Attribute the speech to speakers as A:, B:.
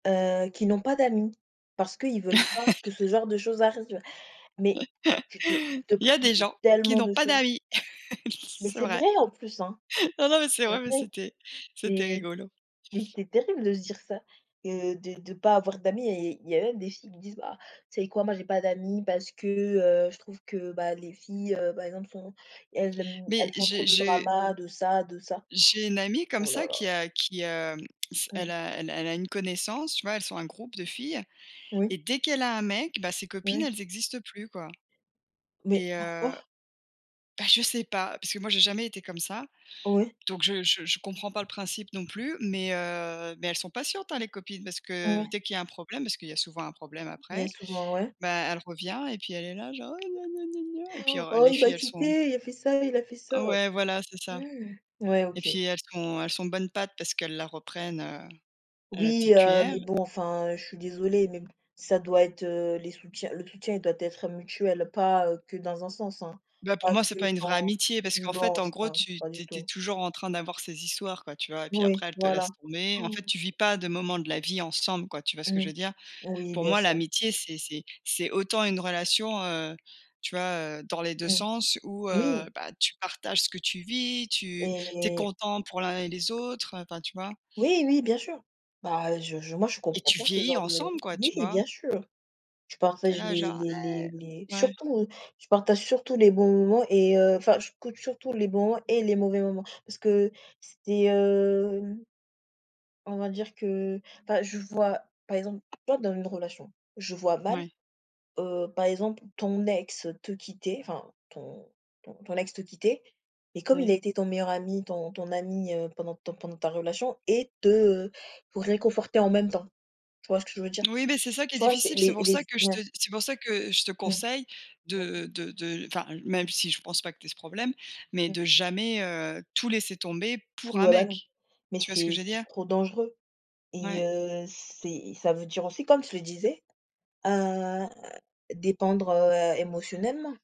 A: Heu, qui n'ont pas d'amis, parce qu'ils veulent pas que ce genre de choses arrive. Mais tu
B: Il
A: te tu te
B: y a
A: prives
B: des
A: de
B: gens qui
A: tellement
B: n'ont
A: de
B: pas
A: choses.
B: d'amis.
A: Mais
B: C'est
A: c'est
B: vrai.
A: vrai en plus, hein!
B: Non, non, mais c'est
A: C'est vrai.
B: vrai, mais c'était c'était
A: C'est
B: rigolo.
A: c'est c'est terrible de se dire ça, que de de pas avoir d'amis et il y a même des filles qui disent: «Bah, tu sais quoi? Moi j'ai pas d'amies parce que, heu, je trouve que, bah, les filles, heu, par exemple, sont elles aiment
B: Mais
A: elles font trop
B: j'ai
A: de
B: je
A: dramas de ça, de ça».
B: j'ai une amie comme
A: Oh là
B: ça
A: là.
B: qui a qui, hem, s elle
A: Mmh.
B: a elle a elle a une connaissance, tu vois, elles sont un groupe de filles
A: Oui.
B: et dès qu'elle a un mec, bah, ses copines
A: Oui.
B: elles existent plus, quoi.
A: Mais
B: Et heu,
A: pourquoi?
B: bah, je sais pas parce que moi j'ai jamais été comme ça.
A: Ouais.
B: Donc je je je comprends pas le principe non plus, mais heu, mais elles sont patientes, hein, les copines, parce que
A: Ouais.
B: dès qu'il y a un problème, parce qu'il y a souvent un problème après,
A: Bien souvent, ouais.
B: bah, elle revient et puis elle est là genre: «Ouais, gna, gna, gna, gna» et puis alors
A: «Oh
B: les
A: il m'a
B: filles elles sont
A: quittée, il a fait ça, il a fait ça».
B: Ouais, voilà, c'est ça.
A: Ouais
B: Et
A: OK.
B: puis, elles sont elles sont bonne pâte parce qu'elles la reprennent, heu, à la
A: Oui,
B: petite
A: heu,
B: cuillère.
A: mais bon enfin, je suis désolée, mais b ça doit être, heu, les soutiens le soutien il doit être mutuel, pas, heu, que dans un sens, hein,
B: Bah pour
A: pas
B: moi, c'est
A: que
B: pas une vraie
A: dans
B: amitié parce qu'en fait,
A: non je
B: en gros,
A: pas
B: tu
A: pas
B: tu es
A: du
B: tu es
A: tout.
B: toujours en train d'avoir ces histoires, quoi, tu vois? Et puis
A: Oui,
B: après, elle te
A: voilà.
B: laisse tomber. En fait, tu vis pas de moments de la vie ensemble, quoi, tu vois ce que je
A: Mmh.
B: veux dire?
A: Oui,
B: Pour
A: bien
B: moi,
A: sûr.
B: l'amitié, c'est c'est c'est autant une relation, heu, tu vois, heu, dans les 2
A: Mmh.
B: sens où, heu,
A: Oui.
B: bah, tu partages ce que tu vis, tu tu es
A: Et
B: content pour l'un et les autres, enfin, tu vois?
A: Oui oui bien sûr. Bah, je je moi je
B: Et
A: comprends
B: tu
A: pas ce
B: vieillis
A: genre de
B: ensemble, quoi, tu
A: oui
B: vois?
A: bien sûr. Je
B: Tu es
A: partage
B: là,
A: les
B: genre:
A: les
B: «ouais».
A: les les
B: Ouais.
A: surtout, je partage surtout les bons moments et heu, enfin je compte surtout les bons et les mauvais moments. Parce que c'était, hem on va dire que, enfin, je vois, par exemple, tu vois dans une relation, je vois mal,
B: Mouais.
A: heu, par exemple, ton ex te quitter, enfin ton ton ton ex te quitter et comme il a
B: Ouais.
A: été ton meilleur ami, ton ton ami, heu, pendant ton pendant ta relation et te pour réconforter en même temps. Tu vois ce que je veux dire?
B: Oui, mais c'est ça qui est
A: Tu vois, c'est
B: difficile. C'est
A: les
B: pour
A: les
B: ça
A: z
B: que je te
A: ouais.
B: c'est pour ça que je te
A: Mmh.
B: conseille
A: Mmh.
B: de de de enfin même si je pense pas que tu aies ce problème, mais
A: Mmh.
B: de jamais, heu, tout laisser tomber pour un
A: Ouais bah, non.
B: mec.
A: Mais
B: Tu vois ce que
A: c'est
B: je veux
A: c'est
B: dire?
A: trop dangereux et
B: Ouais.
A: heu, c'est ça veut dire aussi, comme je le disais, heu, dépendre, heu, émotionnellement.